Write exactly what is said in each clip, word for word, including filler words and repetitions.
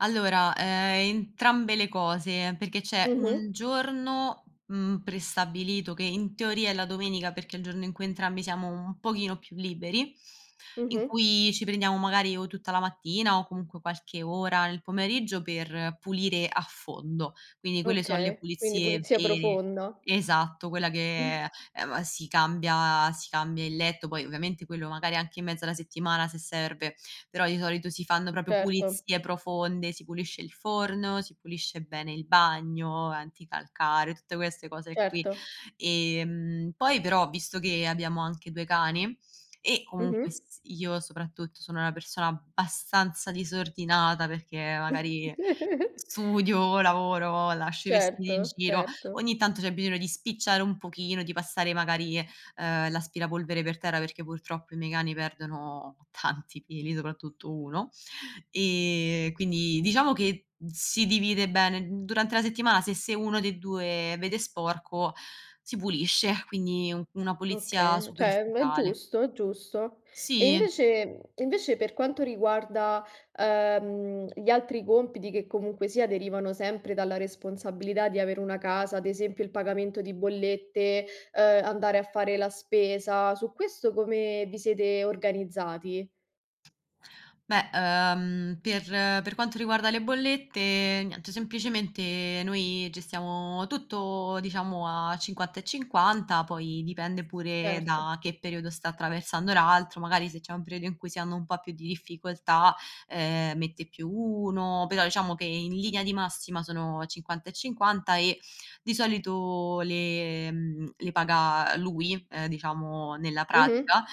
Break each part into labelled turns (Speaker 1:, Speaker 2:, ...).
Speaker 1: Allora, ehm, entrambe le cose perché c'è
Speaker 2: Mh-mh.
Speaker 1: un giorno, mhmm, prestabilito che in teoria è la domenica perché è il giorno in cui entrambi siamo un pochino più liberi, in
Speaker 2: Mh-mh.
Speaker 1: cui ci prendiamo magari o tutta la mattina o comunque qualche ora nel pomeriggio per pulire a fondo. Quindi quelle so' le
Speaker 2: Okay, quindi
Speaker 1: pulizie
Speaker 2: pulizia
Speaker 1: vere.
Speaker 2: profonda.
Speaker 1: Esatto, quella che, ehm m si cambia si cambia il letto, poi ovviamente quello magari anche in mezzo alla settimana se serve, però di solito si fanno proprio
Speaker 2: Certo.
Speaker 1: pulizie profonde, si pulisce il forno, si pulisce bene il bagno, anticalcare, tutte queste cose qui.
Speaker 2: Certo.
Speaker 1: Ehm, poi però visto che abbiamo anche due cani e comunque
Speaker 2: Mh-mh.
Speaker 1: s io soprattutto sono una persona abbastanza disordinata perché magari studio, lavoro, lascio i vestiti in
Speaker 2: Certo,
Speaker 1: giro,
Speaker 2: certo.
Speaker 1: ogni tanto c'è bisogno di spicciare un pochino, di passare magari, uhm, l'aspirapolvere per terra perché purtroppo i miei cani perdono tanti peli, soprattutto uno ehm, quindi diciamo che si divide bene. Durante la settimana se se uno dei due vede sporco si pulisce, quindi una pulizia
Speaker 2: Oka ceh, è
Speaker 1: superficiale.
Speaker 2: giusto, è giusto. E
Speaker 1: Sì.
Speaker 2: invece mhmm, invece, per quanto riguarda uhm, gli altri compiti che comunque sia derivano sempre dalla responsabilità di avere una casa, ad esempio il pagamento di bollette, uhm, andare a fare la spesa. Su questo come vi siete organizzati?
Speaker 1: Beh, uhm. Per per quanto riguarda le bollette, niente, semplicemente noi gestiamo tutto, diciamo, a cinquanta e cinquanta, poi dipende pure
Speaker 2: Erto.
Speaker 1: da che periodo sta attraversando l'altro. Magari se c'è un periodo in cui si hanno un po' più di difficoltà, ehm, mette più uno, però diciamo che in linea di massima sono cinquanta e cinquanta e di solito le le paga lui, ehm, diciamo, ehm, nella
Speaker 2: Mh-mh.
Speaker 1: pratica,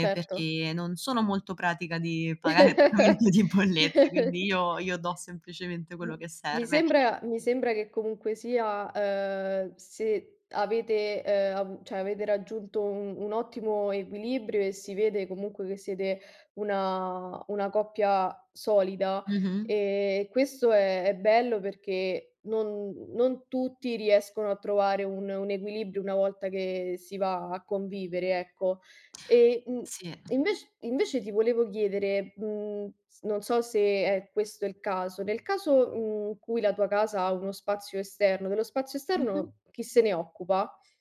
Speaker 2: Certo.
Speaker 1: perché non sono molto pratica di pagare [unintelligible] di bollette, quindi io io do semplicemente
Speaker 2: M
Speaker 1: quello che
Speaker 2: mi
Speaker 1: serve.
Speaker 2: sembra mi sembra che comunque sia, uhm, se avete, uhm, avu ceh, avete raggiunto u un ottimo equilibrio e si vede comunque che siete una una coppia solida
Speaker 1: Mh-mh.
Speaker 2: e questo è è bello perché non non tutti riescono a trovare un un equilibrio una volta che si va a convivere, ecco. E, mhmm,
Speaker 1: Sì.
Speaker 2: invec invece ti volevo chiedere, mhmm, s non so se è questo il caso, nel caso, mhmm, in cui la tua casa ha uno spazio esterno, dello spazio
Speaker 1: Mh-mh.
Speaker 2: esterno chi se ne occupa?